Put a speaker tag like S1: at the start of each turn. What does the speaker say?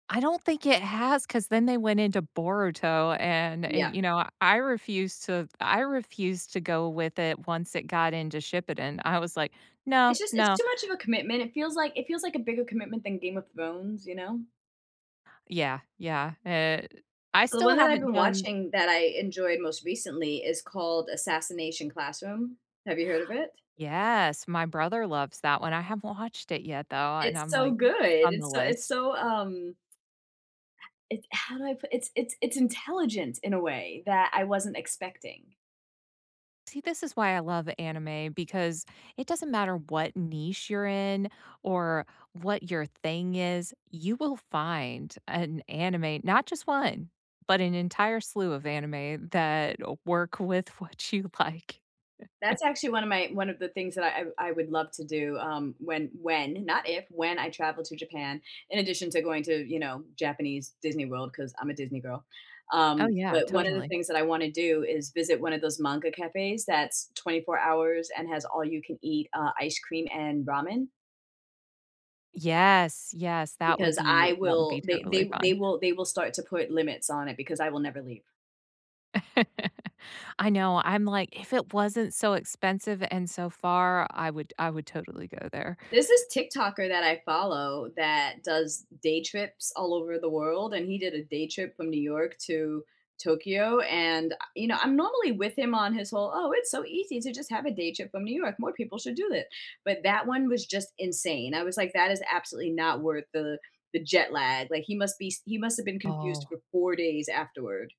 S1: I don't think it has, 'cause then they went into Boruto, and, eh,
S2: Yeah.
S1: you know, I refused to I refused to go with it once it got into Shippuden, I was like, "No,
S2: It's just it's
S1: no."
S2: too much of a commitment, it feels like it feels like a bigger commitment than Game of Thrones, you know?
S1: Yeah, yeah, eh, I
S2: The
S1: still
S2: one that I've
S1: haven't
S2: been
S1: done
S2: watching that I enjoyed, most recently, is called Assassination Classroom, have you heard of it?
S1: Yes, my brother loves that one, I haven't watched it yet, though, and
S2: It's
S1: I'm
S2: so
S1: like, m
S2: good,
S1: it's on
S2: it's
S1: the
S2: so it's
S1: list.
S2: so, um it's how do I put it's it's it's intelligent in a way that I wasn't expecting.
S1: See, this is why I love anime because it doesn't matter what niche you're in or what your thing is, you will find an anime not just 1, but an entire slew of anime that work with what you like.
S2: That's actually one of my one of the things that I I would love to do, um, when when not if, when I travel to Japan, in addition to going to, you know, Japanese Disney World, 'cause I'm a Disney girl,
S1: Oh,
S2: um,
S1: yeah,
S2: but 1 of the
S1: totally.
S2: things that I wanna do is visit one of those manga cafes that's 24 hours and has all you can eat, uh, ice cream and ramen.
S1: Yes, yes, that would
S2: Because I
S1: be that would
S2: will
S1: be
S2: they they
S1: totally
S2: w they
S1: fun.
S2: will they will start to put limits on it because I will never leave.
S1: I know, I'm like, "If it wasn't so expensive and so far, I would I would totally go there."
S2: There's this TikToker that I follow that does day trips all over the world, and he did a day trip from New York to Tokyo, and, a you know, I'm normally with him on his whole, "oh, it's so easy to just have a day trip from New York, more people should do it," but, that 1 was just insane, I was like, "That is absolutely not worth the the jet lag," like he must be s he must have been confused
S1: Oh.
S2: for 4 days, afterward.